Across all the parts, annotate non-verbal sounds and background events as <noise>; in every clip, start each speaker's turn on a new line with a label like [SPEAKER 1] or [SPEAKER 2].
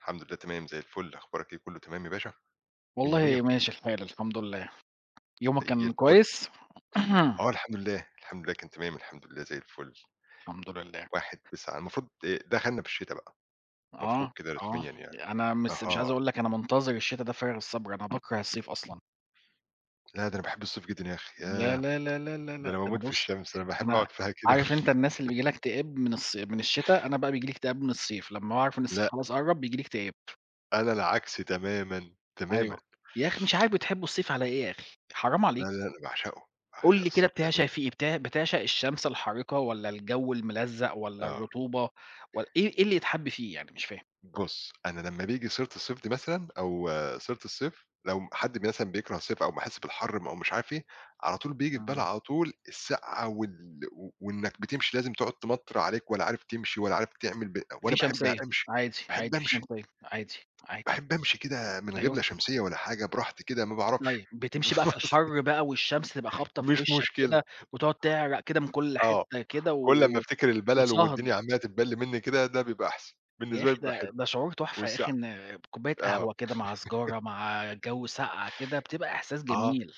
[SPEAKER 1] الحمد لله تمام، زي الفل أخبارك إيه، كُلّه تمام يا باشا، مِيّة
[SPEAKER 2] والله
[SPEAKER 1] مِيّة.
[SPEAKER 2] ماشي الحال، الحمد لله. يومك
[SPEAKER 1] زي
[SPEAKER 2] كان
[SPEAKER 1] الفل،
[SPEAKER 2] كويس؟ <clears throat>
[SPEAKER 1] آه الحمد لله، الحمد لله كان تمام الحمد لله، زي الفُل.
[SPEAKER 2] الحمد لله.
[SPEAKER 1] 1/9 المفروض دخلنا في الشتا بقى، المفروض
[SPEAKER 2] آه،
[SPEAKER 1] كده
[SPEAKER 2] آه،
[SPEAKER 1] رسميًا يعني،
[SPEAKER 2] أنا مس مش عايز
[SPEAKER 1] أها.
[SPEAKER 2] أقول لَك أنا مُنتظر الشتا ده بفارغ الصبر، أنا باكره الصيف أصلًا.
[SPEAKER 1] لا، ده أنا باحب الصيف جدًا يا أخي
[SPEAKER 2] يا
[SPEAKER 1] ياه!
[SPEAKER 2] لا، لا، لا، لا، لأ
[SPEAKER 1] ده
[SPEAKER 2] ده
[SPEAKER 1] أنا
[SPEAKER 2] أنا
[SPEAKER 1] باموت في
[SPEAKER 2] بُص
[SPEAKER 1] الشمس، أنا باحب
[SPEAKER 2] أنا
[SPEAKER 1] أقعد فيها كده
[SPEAKER 2] عارف أنت الناس اللي بييجي لها
[SPEAKER 1] <giggles>
[SPEAKER 2] اكتئاب من الص من الشتا، أنا بقى بييجي لي اكتئاب من الصيف لمّا باعرف إن الصيف
[SPEAKER 1] لأ.
[SPEAKER 2] خلاص قرّب، بييجي لي اكتئاب.
[SPEAKER 1] أنا العكس تمامًا، تمامًا.
[SPEAKER 2] أيوة، يا أخي مش عارف، بتحبوا الصيف على إيه يا أخي؟ حرام
[SPEAKER 1] لا، لا،
[SPEAKER 2] عليك.
[SPEAKER 1] أنا باعشقه،
[SPEAKER 2] قُل
[SPEAKER 1] باعشق
[SPEAKER 2] لي كده
[SPEAKER 1] الصيف
[SPEAKER 2] بتعشق
[SPEAKER 1] بأمانة.
[SPEAKER 2] فيه إيه؟ بتع بتعشق الشمس الحارقة والّا الجو الملزق والّا
[SPEAKER 1] آه.
[SPEAKER 2] الرطوبة، ول إيه إيه اللي يتحب فيه يعني؟ مش فاهم.
[SPEAKER 1] بُص أنا لمّا بييجي سيرة الصيف دي مثلًا، أو سيرة الصيف لو م حد مثلًا بيكره الصيف أو أمّا أحس بالحر أو م مش عارف إيه، على طول بييجي في بالي
[SPEAKER 2] إمم.
[SPEAKER 1] على طول الساقعة وال و وإنك بتمشي لازم تقعد تمطر عليك ولا عارف تمشي ولا عارف تعمل ب
[SPEAKER 2] في
[SPEAKER 1] وأنا باحب
[SPEAKER 2] شمسية
[SPEAKER 1] أمشي،
[SPEAKER 2] عادي،
[SPEAKER 1] باحب
[SPEAKER 2] عادي في
[SPEAKER 1] امشي.
[SPEAKER 2] شمسية عادي، عادي
[SPEAKER 1] باحب امشي كده من غير
[SPEAKER 2] أيوه.
[SPEAKER 1] لا شمسية ولا حاجة براحتي كده، ما باعرفش
[SPEAKER 2] طيب، بتمشي بقى في
[SPEAKER 1] <unintelligible>
[SPEAKER 2] الحر بقى والشمس تبقى خابطة في
[SPEAKER 1] مش
[SPEAKER 2] وشك
[SPEAKER 1] مشكلة.
[SPEAKER 2] كده وتقعد تعرق كده من كل
[SPEAKER 1] آه،
[SPEAKER 2] حتة كده
[SPEAKER 1] كل ما
[SPEAKER 2] و
[SPEAKER 1] أفتكر البلل
[SPEAKER 2] وتصهد.
[SPEAKER 1] والدنيا عمالة تتبل مني كده، ده بيبقى أحسن،
[SPEAKER 2] يا
[SPEAKER 1] بالنسبة
[SPEAKER 2] أخي
[SPEAKER 1] لي بيبقى
[SPEAKER 2] ده
[SPEAKER 1] حلو
[SPEAKER 2] ده شعور تحفة يا أخي
[SPEAKER 1] والساقعة
[SPEAKER 2] إن آآ كوباية
[SPEAKER 1] آه
[SPEAKER 2] قهوة كده، مع سيجارة مع جو ساقعة كده، بتبقى
[SPEAKER 1] <laughs>
[SPEAKER 2] إحساس
[SPEAKER 1] آه،
[SPEAKER 2] جميل.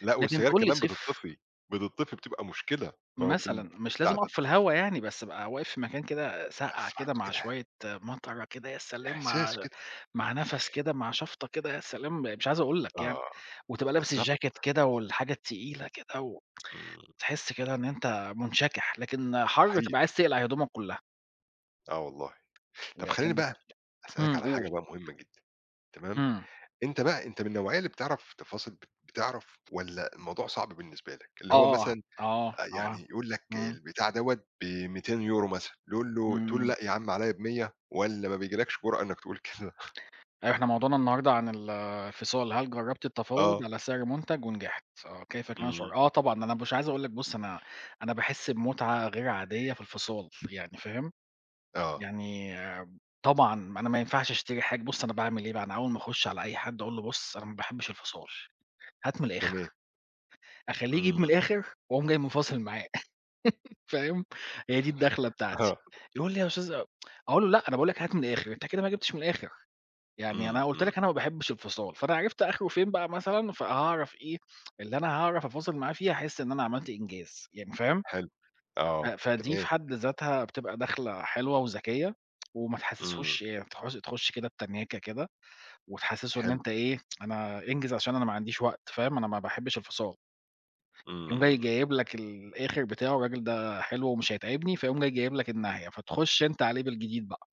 [SPEAKER 1] لأ
[SPEAKER 2] لكن
[SPEAKER 1] والسجاير
[SPEAKER 2] تقول لي
[SPEAKER 1] كمان
[SPEAKER 2] صيف.
[SPEAKER 1] بتطفي، بتطفي بتبقى مُشكلة ما هو في
[SPEAKER 2] مثلًا، مش لازم
[SPEAKER 1] البتاع ده.
[SPEAKER 2] أقف في الهوا يعني بس، أبقى واقف في مكان كده ساقعة
[SPEAKER 1] تحسّ برضه
[SPEAKER 2] كده، مع
[SPEAKER 1] كده.
[SPEAKER 2] شوية مطرة كده، يا سلام مع
[SPEAKER 1] إحساس كده.
[SPEAKER 2] مع نفس كده مع شفطة كده يا سلام، مش عايز أقول لَك يعني
[SPEAKER 1] آه،
[SPEAKER 2] وتبقى لابِس
[SPEAKER 1] بالضبط.
[SPEAKER 2] الjacket كده والحاجة التقيلة كده و
[SPEAKER 1] إمم.
[SPEAKER 2] تحس كده إن انت مُنشكِح، لكن حر تبقى
[SPEAKER 1] صحيح.
[SPEAKER 2] عايز تقلع هدومَك كُلّها.
[SPEAKER 1] آه، والله طب
[SPEAKER 2] يبقى
[SPEAKER 1] خلّيني
[SPEAKER 2] أكِنَّك
[SPEAKER 1] بقى، أسألك
[SPEAKER 2] امم
[SPEAKER 1] على حاجة
[SPEAKER 2] قُل.
[SPEAKER 1] بقى مُهمة جدًا تمام،
[SPEAKER 2] إمم.
[SPEAKER 1] أنت بقى أنت من النوعية اللي بتعرف تفاصل بت بتعرف والّا الموضوع صعب بالنسبة لك؟ اللي هو
[SPEAKER 2] آه،
[SPEAKER 1] مثلًا
[SPEAKER 2] آه،
[SPEAKER 1] آآ
[SPEAKER 2] آه،
[SPEAKER 1] يعني يقول لَك
[SPEAKER 2] إمم.
[SPEAKER 1] البتاع دَوّة ب200€ مثلًا تقول له تقول
[SPEAKER 2] إمم.
[SPEAKER 1] لأ، يا عم عليَّ ب100 والّا ما بيجيلَكش جُرأة إنك تقول كده؟
[SPEAKER 2] إحنا موضوعنا النهاره، عن ال الفِصال، هل جرّبت التفاوض
[SPEAKER 1] آه.
[SPEAKER 2] على سعر مُنتج ونجحت؟ آه، كيف كان شعورك؟
[SPEAKER 1] إمم.
[SPEAKER 2] آه، طبعًا أنا مش عايز أقول لَك بُص، أنا أنا باحس بمُتعة غير عادية في الفِصال يعني، فاهم؟
[SPEAKER 1] آه.
[SPEAKER 2] يعني آآ طبعًا أنا ما ينفعش أشتري حاج بُص أنا باعمل إيه بقى، أنا أول ما أخُش على أي حدّ أقول له "بُصُ أنا ما باحبش الفصال هات من الآخر."
[SPEAKER 1] تمام.
[SPEAKER 2] أخلّيه يجيب من
[SPEAKER 1] إمم.
[SPEAKER 2] الآخر وأقوم جاي مفاصِل معاه. <laughs> فاهم؟ هي دي الدخلة بتاعتي
[SPEAKER 1] آه
[SPEAKER 2] يقول لي "يا أستاذ أ" <tsk> أقول له "لأ، أنا باقول لَك هات من الآخر أنت كده ما جِبتش من الآخر يعني
[SPEAKER 1] إمم،
[SPEAKER 2] أنا قُلت
[SPEAKER 1] إمم.
[SPEAKER 2] لَك أنا ما باحبش الفصال" فأنا عرفت آخره فين بقى مثلًا، فهاعرف إيه اللي أنا هاعرف أفاصل معاه فيه هاحس إن أنا عملت إنجاز، يعني، فاهم.
[SPEAKER 1] حلو
[SPEAKER 2] أ
[SPEAKER 1] آه،
[SPEAKER 2] فدِي في
[SPEAKER 1] تمام.
[SPEAKER 2] حد ذاتها بتبقى دخلة حلوة وذكية، <tsk> وما
[SPEAKER 1] إمم.
[SPEAKER 2] تحسِسهوش آآ تخش تخش كده بتنَاكة كده، وتحسسه إن
[SPEAKER 1] حلو.
[SPEAKER 2] أنت إيه، أنا انجِز عشان أنا ما عنديش وقت فاهم، أنا ما باحبش الفصال. يقوم جاي
[SPEAKER 1] إمم.
[SPEAKER 2] جايب لَك الآخر بتاعه، الراجل ده حلو ومش هيتعبني، فيقوم جاي جايب لَك الناهية، فتخش انت عليه بالجديد بقى.